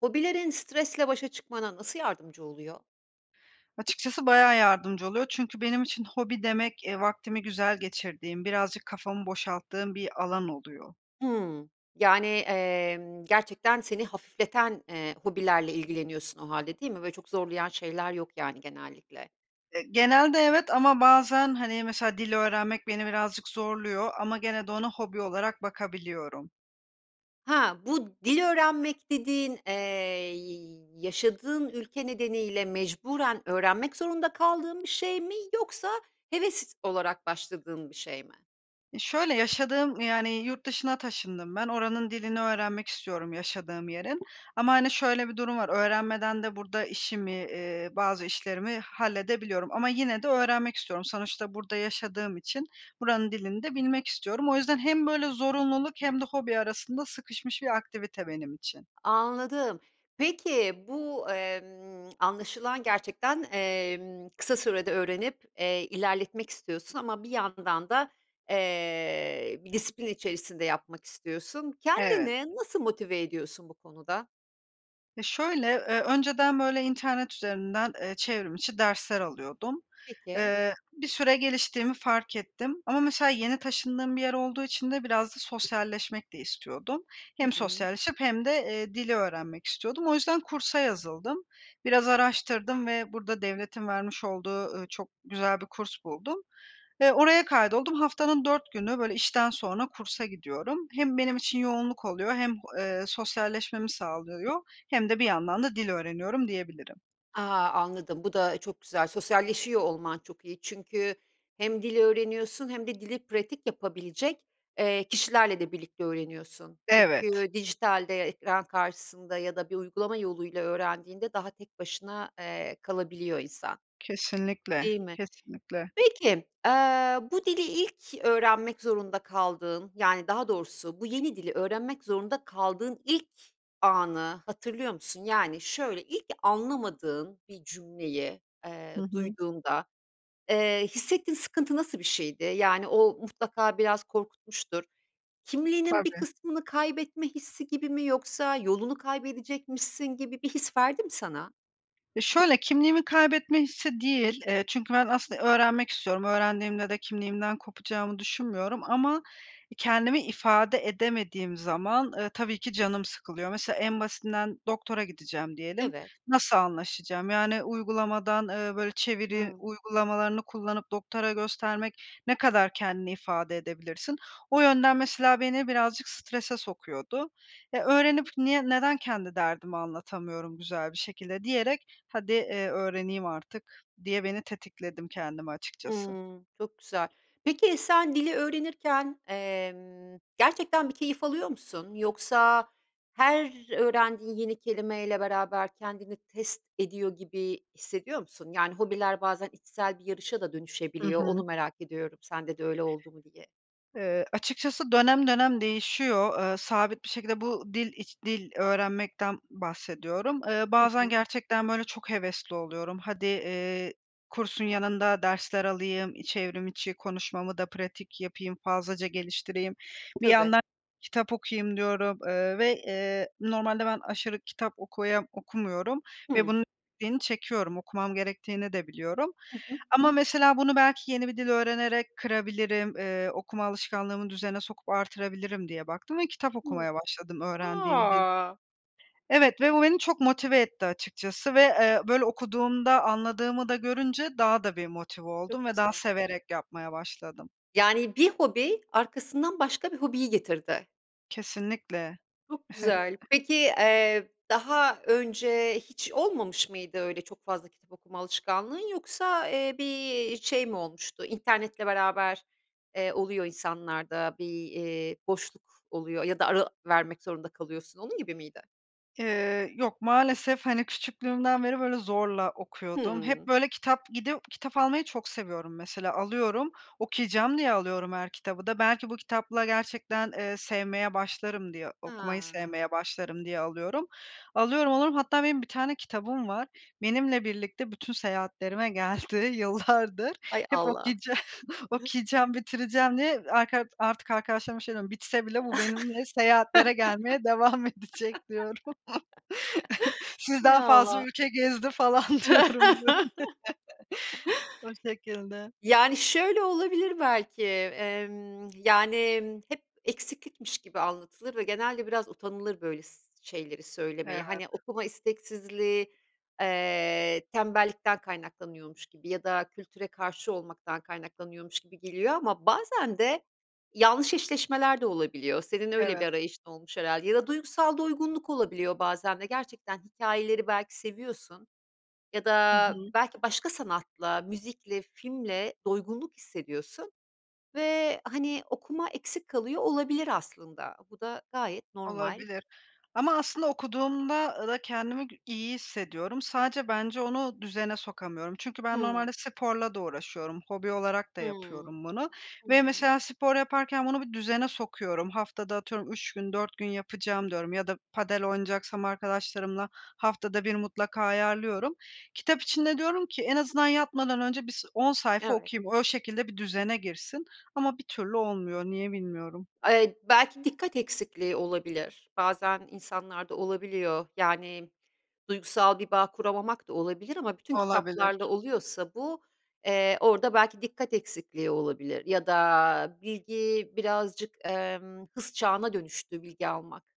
Hobilerin stresle başa çıkmana nasıl yardımcı oluyor? Açıkçası bayağı yardımcı oluyor çünkü benim için hobi demek, eee, vaktimi güzel geçirdiğim birazcık kafamı boşalttığım bir alan oluyor. Hımm. Yani, emm, gerçekten seni hafifleten, eee, hobilerle ilgileniyorsun o hâlde değil mi? Böyle, çok zorlayan şeyler yok yani genellikle. Eee, genelde evet ama bazen, hani, mesela dil öğrenmek beni birazcık zorluyor ama gene de ona hobi olarak bakabiliyorum. Ha, bu dil öğrenmek dediğin, eee, y yaşadığın ülke nedeniyle mecburen öğrenmek zorunda kaldığın bir şey mi yoksa heves olarak başladığın bir şey mi? Ya, şöyle, yaşadığım, yani, yurt dışına taşındım ben, oranın dilini öğrenmek istiyorum yaşadığım yerin. Ama, hani, şöyle bir durum var, öğrenmeden de burada işimi, eee, bazı işlerimi halledebiliyorum ama yine de öğrenmek istiyorum. Sonuçta burada yaşadığım için buranın dilini de bilmek istiyorum. O yüzden hem böyle zorunluluk hem de hobi arasında sıkışmış bir aktivite benim için. Anladım. Peki, bu, emm, anlaşılan gerçekten, emm, kısa sürede öğrenip, eee, ilerletmek istiyorsun ama bir yandan da, eee, bir disiplin içerisinde yapmak istiyorsun. Evet. Kendini nasıl motive ediyorsun bu konuda? E, şöyle, eee, önceden, böyle, internet üzerinden, eee, çevrimiçi dersler alıyordum. Peki. Eee, bir süre geliştiğimi fark ettim ama mesela, yeni taşındığım bir yer olduğu için de biraz da sosyalleşmek de istiyordum. Hı Hem hı. sosyalleşip hem de, eee, dili öğrenmek istiyordum. O yüzden kursa yazıldım. Biraz araştırdım ve burada devletin vermiş olduğu, ııı, çok güzel bir kurs buldum ve oraya kaydoldum. Haftanın 4 günü, böyle, işten sonra kursa gidiyorum. Hem benim için yoğunluk oluyor hem, eee, sosyalleşmemi sağlıyor hem de bir yandan da dil öğreniyorum, diyebilirim. A! Anladım. Bu da çok güzel. Sosyalleşiyor olman çok iyi çünkü hem dil öğreniyorsun hem de dili pratik yapabilecek, eee, kişilerle de birlikte öğreniyorsun. Evet. Çünkü dijitalde ekran karşısında ya da bir uygulama yoluyla öğrendiğinde daha tek başına, eee, kalabiliyor insan. Kesinlikle, Değil mi? kesinlikle. Peki, eee, bu dili ilk öğrenmek zorunda kaldığın, yani, daha doğrusu bu yeni dili öğrenmek zorunda kaldığın ilk anı hatırlıyor musun? Yani, şöyle, ilk anlamadığın bir cümleyi, Hı eee, hı. duyduğunda, eee, hissettiğin sıkıntı nasıl bir şeydi? Yani, o mutlaka biraz korkutmuştur. Kimliğinin bir Tabii. kısmını kaybetme hissi gibi mi, yoksa yolunu kaybedecekmişsin gibi bir his verdi mi sana? E, şöyle, kimliğimi kaybetme hissi değil, eee, çünkü ben aslında öğrenmek istiyorum. Öğrendiğimde de kimliğimden kopacağımı düşünmüyorum ama, e, kendimi ifade edemediğim zaman, eee, tabii ki canım sıkılıyor. Mesela en basitinden doktora gideceğim diyelim. Evet. Nasıl anlaşacağım, yani, uygulamadan, eee, böyle, çeviri Hıı. uygulamalarını kullanıp doktora göstermek ne kadar kendini ifade edebilirsin? O yönden mesela beni birazcık strese sokuyordu. "Eee, öğrenip niye neden kendi derdimi anlatamıyorum güzel bir şekilde?" diyerek hadi, eee, öğreneyim artık diye beni tetikledim kendimi açıkçası. Hıı, çok güzel. Peki, sen dili öğrenirken, emm, gerçekten bir keyif alıyor musun? Yoksa her öğrendiğin yeni kelimeyle beraber kendini test ediyor gibi hissediyor musun? Yani, hobiler bazen içsel bir yarışa da Hı dönüşebiliyor, onu hı. merak ediyorum sende de öyle oldu mu diye. Eee, açıkçası dönem dönem değişiyor, eee, sabit bir şekilde bu dil iç dil öğrenmekten bahsediyorum. Eee, Hı bazen hı. gerçekten, böyle, çok hevesli oluyorum. "Hadi, eee, kursun yanında dersler alayım, e, çevrimiçi konuşmamı da pratik yapayım, fazlaca geliştireyim, bir Tabii. yandan kitap okuyayım." diyorum, eee, ve, eee, normalde ben aşırı kitap okuya okumuyorum ve Hıı. bunun [unintelligible] çekiyorum, okumam gerektiğini de biliyorum Hı hı. ama mesela bunu belki yeni bir dil öğrenerek kırabilirim, eee, okuma alışkanlığımı düzene sokup artırabilirim diye baktım ve kitap Hı okumaya başladım öğrendiğim dilde. A! Evet, ve bu beni çok motive etti açıkçası ve, eee, böyle, okuduğumda anladığımı da görünce daha da bir motive oldum Çok ve daha güzel. severek yapmaya başladım. Yani, bir hobi, arkasından başka bir hobiyi getirdi. Kesinlikle. Çok güzel. Peki, eee, daha önce hiç olmamış mıydı öyle çok fazla kitap okuma alışkanlığın yoksa, eee, bir şey mi olmuştu internetle beraber, eee, oluyor insanlarda bir, eee, boşluk oluyor ya da ara vermek zorunda kalıyorsun. Onun gibi miydi? Eee, yok maalesef, hani, küçüklüğümden beri, böyle, zorla okuyordum. Hep, Hımm. böyle, kitap gidip kitap almayı çok seviyorum mesela, alıyorum, okuyacağım diye alıyorum her kitabı da. Belki bu kitapla gerçekten, eee, sevmeye başlarım diye, okumayı Ha. sevmeye başlarım diye alıyorum. Alıyorum, alıyorum, hatta benim bir tane kitabım var. Benimle birlikte bütün seyahatlerime geldi yıllardır. Hay Hep Allah. okuyacağım okuyacağım, bitireceğim diye arka artık arkadaşlarıma şey diyorum, bitse bile bu benimle seyahatlere gelmeye devam edecek diyorum. Hay Sizden fazla Allah. ülke gezdi falan diyorum, böyle. O şekilde. Yani, şöyle olabilir belki, emm, yani, emm, hep eksiklikmiş gibi anlatılır ve genelde biraz utanılır böyles şeyleri söylemeye. Hani, Evet. okuma isteksizliği, eee, tembellikten kaynaklanıyormuş gibi ya da kültüre karşı olmaktan kaynaklanıyormuş gibi geliyor ama bazen de yanlış eşleşmeler de olabiliyor. Senin öyle bir Evet. arayışın olmuş herhâlde ya da duygusal doygunluk olabiliyor bazen de gerçekten hikayeleri belki seviyorsun ya Hı da hı. belki başka sanatla, müzikle, filmle doygunluk hissediyorsun ve, hani, okuma eksik kalıyor olabilir aslında. Bu da gayet normal. Olabilir ama aslında okuduğumda da kendimi iyi hissediyorum, sadece bence onu düzene sokamıyorum çünkü ben Hıı. normalde sporla da uğraşıyorum, hobi olarak da Hıı. yapıyorum bunu ve Hıı. mesela spor yaparken bunu bir düzene sokuyorum. Haftada atıyorum 3 gün, 4 gün yapacağım diyorum ya da padel oynayacaksam arkadaşlarımla haftada 1 mutlaka ayarlıyorum. Kitap için de diyorum ki en azından yatmadan önce bis 10 sayfa Evet. okuyayım, o şekilde bir düzene girsin ama bir türlü olmuyor. Niye bilmiyorum. Eee, belki dikkat eksikliği olabilir. Bazen insanlarda olabiliyor, yani, duygusal bir bağ kuramamak da olabilir ama bütün kitaplarla Olabilir. oluyorsa bu, eee, orada belki dikkat eksikliği olabilir ya da bilgi birazcık, emm, hız çağına dönüştü bilgi almak.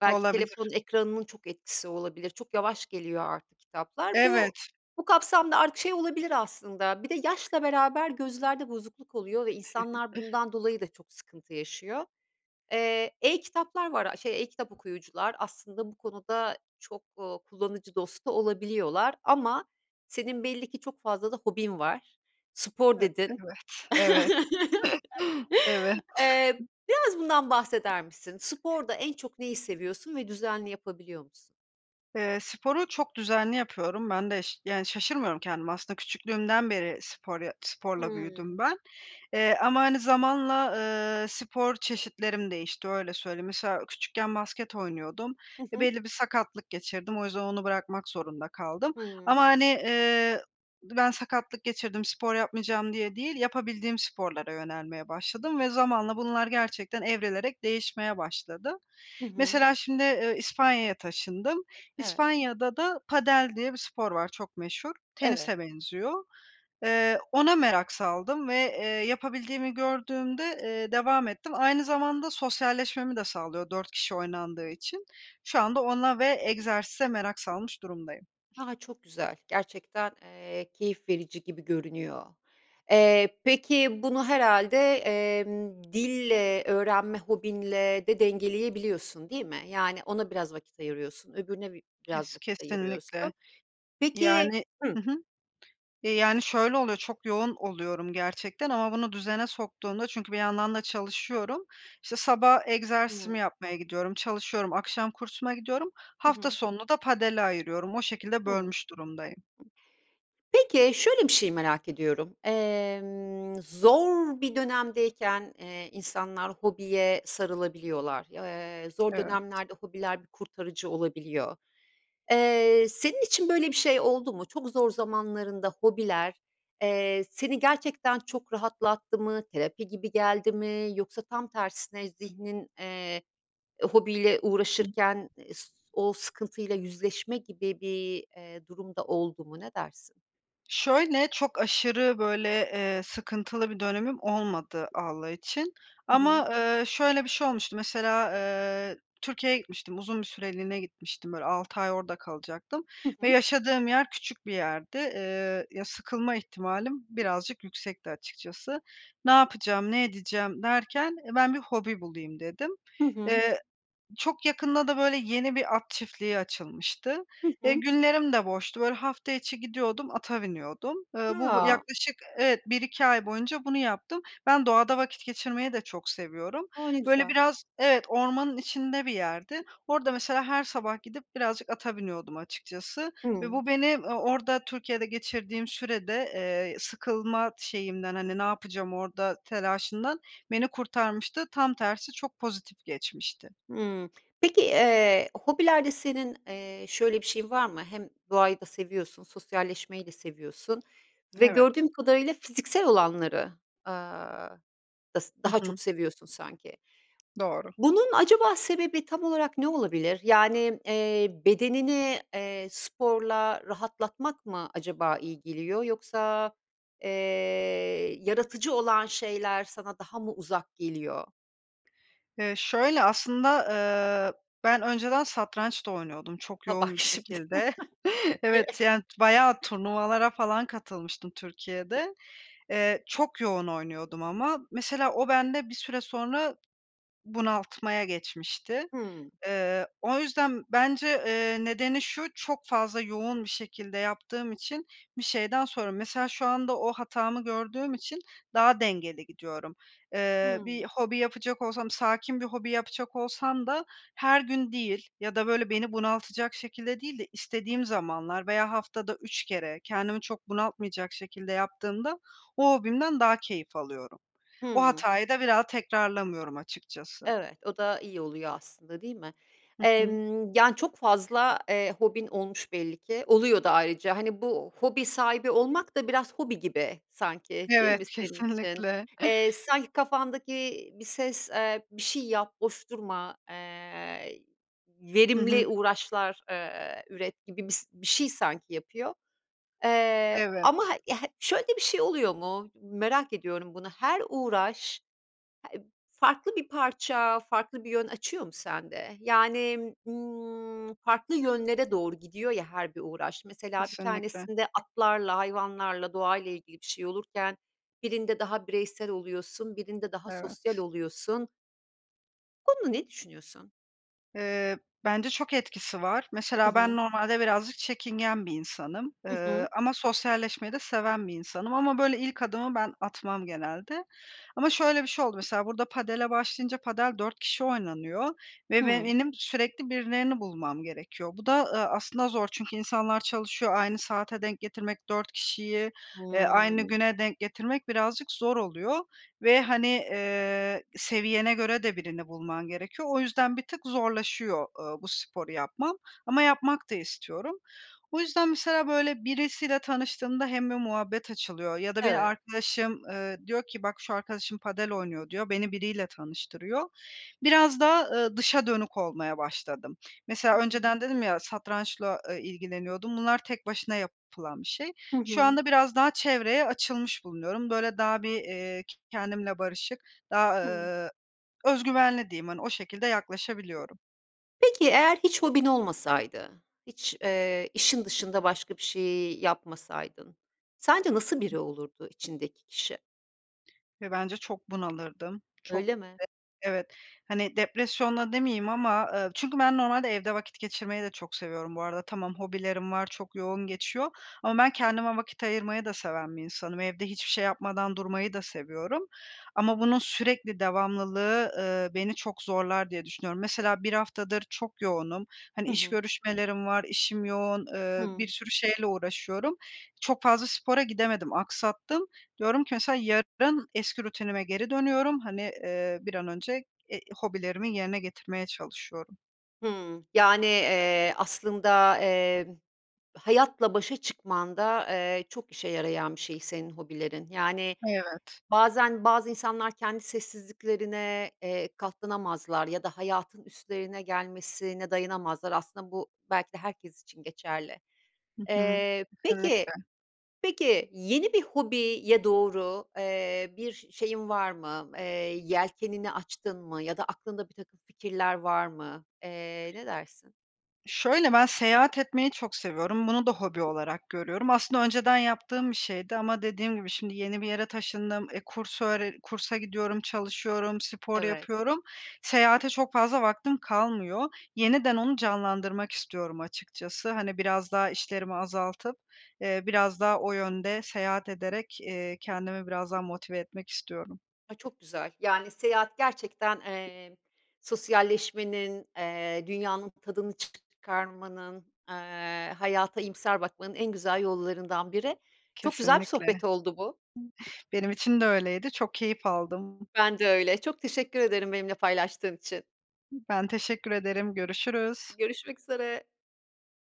Belki Olabilir telefonun ekranının çok etkisi olabilir, çok yavaş geliyor artık kitaplar. Bu Evet. bu kapsamda artık şey olabilir aslında Bir de yaşla beraber gözlerde bozukluk oluyor ve insanlar bundan dolayı da çok sıkıntı yaşıyor. Eee, e-kitaplar var, a, şey e-kitap okuyucular aslında bu konuda çok, ııı, kullanıcı dostu olabiliyorlar ama senin belli ki çok fazla da hobin var. Spor E dedin.. evet, evet. Evet. Eee, biraz bundan bahseder misin? Sporda en çok neyi seviyorsun ve düzenli yapabiliyor musun? Eee, sporu çok düzenli yapıyorum, ben de ş yani, şaşırmıyorum kendime aslında küçüklüğümden beri spor ya sporla Hımm. büyüdüm ben. Eee, ama, hani, zamanla, ııı, spor çeşitlerim değişti, öyle söyleyeyim. Mesela küçükken basket oynuyordum Hı ve hı. belli bir sakatlık geçirdim. O yüzden onu bırakmak zorunda kaldım ama, Hımm. hani, ııı, ben sakatlık geçirdim, spor yapmayacağım diye değil, yapabildiğim sporlara yönelmeye başladım ve zamanla bunlar gerçekten evrilerek değişmeye başladı. Hı hı. Mesela şimdi, ııı, İspanya'ya taşındım. Evet. İspanya'da da padel diye bir spor var, çok meşhur. Evet. Tenise benziyor. Eee, ona merak saldım ve, eee, yapabildiğimi gördüğümde, eee, devam ettim. Aynı zamanda sosyalleşmemi de sağlıyor 4 kişi oynandığı için şu anda ona ve egzersize merak salmış durumdayım. A! Çok güzel, gerçekten, eee, keyif verici gibi görünüyor. Eee, peki, bunu herhâlde, emm, dille, öğrenme hobinle de dengeleyebiliyorsun değil mi? Yani, ona biraz vakit ayırıyorsun, öbürüne bi biraz Kes vakit ayırıyorsun. kesinlikle. Peki Yani Hıh. Hı hı, yani, şöyle oluyor çok yoğun oluyorum gerçekten ama bunu düzene soktuğunda çünkü bir yandan da çalışıyorum. İşte, sabah egzersizimi Hımm. yapmaya gidiyorum. Çalışıyorum akşam kursuma gidiyorum. Hı Hafta hı. sonunu da padele ayırıyorum. O şekilde Hımm. bölmüş durumdayım. Peki, şöyle bir şey merak ediyorum. Emm, zor bir dönemdeyken, eee, insanlar hobiye sarılabiliyorlar. Aaa, zor Evet. dönemlerde hobiler bir kurtarıcı olabiliyor. Eee, senin için böyle bir şey oldu mu? Çok zor zamanlarında hobiler, eee, seni gerçekten çok rahatlattı mı? Terapi gibi geldi mi? Yoksa tam tersine zihnin, eee, hobiyle [unintelligible] uğraşırken es o sıkıntıyla yüzleşme gibi bir, eee, durumda oldu mu? Ne dersin? Şöyle, çok aşırı, böyle, eee, sıkıntılı bir dönemim olmadı Allah için Hı hı. ama, eee, şöyle bir şey olmuştu, mesela, eee, Türkiye'ye gitmiştim. Uzun bir süreliğine gitmiştim, böyle, 6 ay orada kalacaktım Hı ve hı. yaşadığım yer küçük bir yerdi. Eee, ya, sıkılma ihtimalim birazcık yüksekti açıkçası. Ne yapacağım, ne edeceğim derken, e, ben bir hobi bulayım dedim. Hı hı. Eee, çok yakında da, böyle, yeni bir at çiftliği açılmıştı. Hı Eee, hı. günlerim de boştu. Böyle, hafta içi gidiyordum, ata biniyordum. Eee, bu bu [unintelligible] yaklaşık Evet, 1-2 ay boyunca bunu yaptım. Ben doğada vakit geçirmeyi de çok seviyorum. O, ne Böyle, güzel. biraz Evet, ormanın içinde bir yerdi. Orada mesela her sabah gidip birazcık ata biniyordum açıkçası ve Hımm. bu beni, ııı, orada Türkiye'de geçirdiğim sürede, eee, sıkılma şeyimden, hani, "Ne yapacağım orada?" telaşından beni kurtarmıştı, tam tersi çok pozitif geçmişti. Hımm. Peki, eee, hobilerde senin, eee, şöyle bir şeyin var mı? Hem doğayı da seviyorsun, sosyalleşmeyi de seviyorsun ve Evet. gördüğüm kadarıyla fiziksel olanları, aaa, s Hı daha çok hı. seviyorsun sanki. Doğru. Bunun acaba sebebi tam olarak ne olabilir? Yani, eee, bedenini, eee, sporla rahatlatmak mı acaba iyi geliyor, yoksa, eee, yaratıcı olan şeyler sana daha mı uzak geliyor? Eee, şöyle, aslında, eee, ben önceden satranç da oynuyordum çok Ha, bak yoğun bir şimdi. şekilde. [unintelligible] Evet, yani, t bayağı turnuvalara falan katılmıştım Türkiye'de. Eee, çok yoğun oynuyordum ama mesela o bende bir süre sonra bunaltmaya geçmişti. Hımm. Eee, o yüzden bence, eee, nedeni şu, çok fazla yoğun bir şekilde yaptığım için bir şeyden sonra Mesela şu anda o hatamı gördüğüm için daha dengeli gidiyorum. Eee, bir Hımm. hobi yapacak olsam, sakin bir hobi yapacak olsam da her gün değil ya da, böyle, beni bunaltacak şekilde değil de istediğim zamanlar veya haftada 3 kere kendimi çok bunaltmayacak şekilde yaptığımda o hobimden daha keyif alıyorum. O Hımm. hatayı da bir daha tekrarlamıyorum, açıkçası. Evet, o da iyi oluyor aslında, değil mi? Hı hı. Emm, yani, çok fazla, eee, hobin olmuş belli ki, oluyor da ayrıca, hani, bu hobi sahibi olmak da biraz hobi gibi sanki, değil mi, Evet, senin için? kesinlikle. Eee, sanki kafandaki bir ses, eee, "Bir şey yap, boş durma, eee, Hı hı. verimli uğraşlar, eee, üret." gibi bir s bir şey sanki yapıyor. Eee, ama Evet. [unintelligible] şöyle de bir şey oluyor mu, merak ediyorum, bunu her uğraş heb farklı bir parça, farklı bir yön açıyor mu sende? Yani, ımm, farklı yönlere doğru gidiyor ya her bir uğraş, mesela bir Kesinlikle. tanesinde atlarla, hayvanlarla, doğayla ilgili bir şey olurken birinde daha bireysel oluyorsun, birinde daha sosyal Evet. oluyorsun. Bu konuda ne düşünüyorsun? Eee, bence çok etkisi var. Hı Mesela ben hı. normalde birazcık çekingen bir insanım, Hı hı. ııı, ama sosyalleşmeyi de seven bir insanım ama, böyle, ilk adımı ben atmam genelde. Ama şöyle bir şey oldu. Mesela burada padele başlayınca padel 4 kişi oynanıyor ve be Hıı. benim sürekli birilerini bulmam gerekiyor. Bu da, ııı, aslında zor çünkü insanlar çalışıyor, aynı saate denk getirmek, 4 kişiyi, eee, aynı Hıı. güne denk getirmek birazcık zor oluyor ve, hani, eee, seviyene göre de birini bulman gerekiyor. O yüzden bir tık zorlaşıyor, ııı, bu sporu yapmam ama yapmak da istiyorum. O yüzden mesela, böyle, birisiyle tanıştığımda hem bir muhabbet açılıyor ya da beni Evet. arkadaşım, ııı, diyor ki bak, şu arkadaşım padel oynuyor diyor, beni biriyle tanıştırıyor. Biraz daha, ııı, dışa dönük olmaya başladım. Mesela Hıı. önceden dedim ya, satrançla, eee, ilgileniyordum, bunlar tek başına yapılan bir şey. Hı Şu hı. anda biraz daha çevreye açılmış bulunuyorum. Böyle, daha bir, eee, kendimle barışık, daha, Hıı. ııı, özgüvenli diyeyim, hani, o şekilde yaklaşabiliyorum. Peki, eğer hiç hobin olmasaydı, hiç, eee, işin dışında başka bir şey yapmasaydın sence nasıl biri olurdu içindeki kişi? Ve bence çok bunalırdım, çok Öyle mi? [unintelligible] evet, hani, depresyona demeyeyim ama, eee, çünkü ben normalde evde vakit geçirmeyi de çok seviyorum bu arada. Tamam, hobilerim var, çok yoğun geçiyor ama ben kendime vakit ayırmayı da seven bir insanım. Evde hiçbir şey yapmadan durmayı da seviyorum ama bunun sürekli devamlılığı, ııı, beni çok zorlar diye düşünüyorum. Mesela 1 haftadır çok yoğunum, hani, Hı iş hı. görüşmelerim var, işim yoğun, eee, Hıı. bir sürü şeyle uğraşıyorum. Çok fazla spora gidemedim, aksattım. Diyorum ki mesela, "Yarın eski rutinime geri dönüyorum." Hani, eee, bir an önce, eee, hobilerimi yerine getirmeye çalışıyorum. Hıı, yani, eee, aslında, emm, hayatla başa çıkmanda, eee, çok işe yarayan bir şey senin hobilerin. Yani, Evet. bazen bazı insanlar kendi sessizliklerine, eee, katlanamazlar ya da hayatın üstlerine gelmesine dayanamazlar aslında bu belki de herkes için geçerli. Hı hı. Eee, Kesinlikle. peki, peki, yeni bir hobiye doğru, eee, bir şeyin var mı, eee, yelkenini açtın mı ya da aklında birtakım fikirler var mı? Eee, ne dersin? Şöyle, ben seyahat etmeyi çok seviyorum, bunu da hobi olarak görüyorum. Aslında önceden yaptığım bir şeydi ama dediğim gibi şimdi yeni bir yere taşındım, eee, kurs öğre kursa gidiyorum, çalışıyorum, spor Evet. yapıyorum. Seyahate çok fazla vaktim kalmıyor. Yeniden onu canlandırmak istiyorum açıkçası. Hani, biraz daha işlerimi azaltıp, eee, biraz daha o yönde seyahat ederek, eee, kendimi biraz daha motive etmek istiyorum. Ay, çok güzel. Yani, seyahat gerçekten, emm, sosyalleşmenin, eee, dünyanın tadını çıkarmanın, eee, hayata iyimser bakmanın en güzel yollarından biri. Çok güzel bir Kesinlikle. sohbet oldu bu. Benim için de öyleydi, çok keyif aldım. Ben de öyle, çok teşekkür ederim benimle paylaştığın için. Ben teşekkür ederim, görüşürüz. Görüşmek üzere.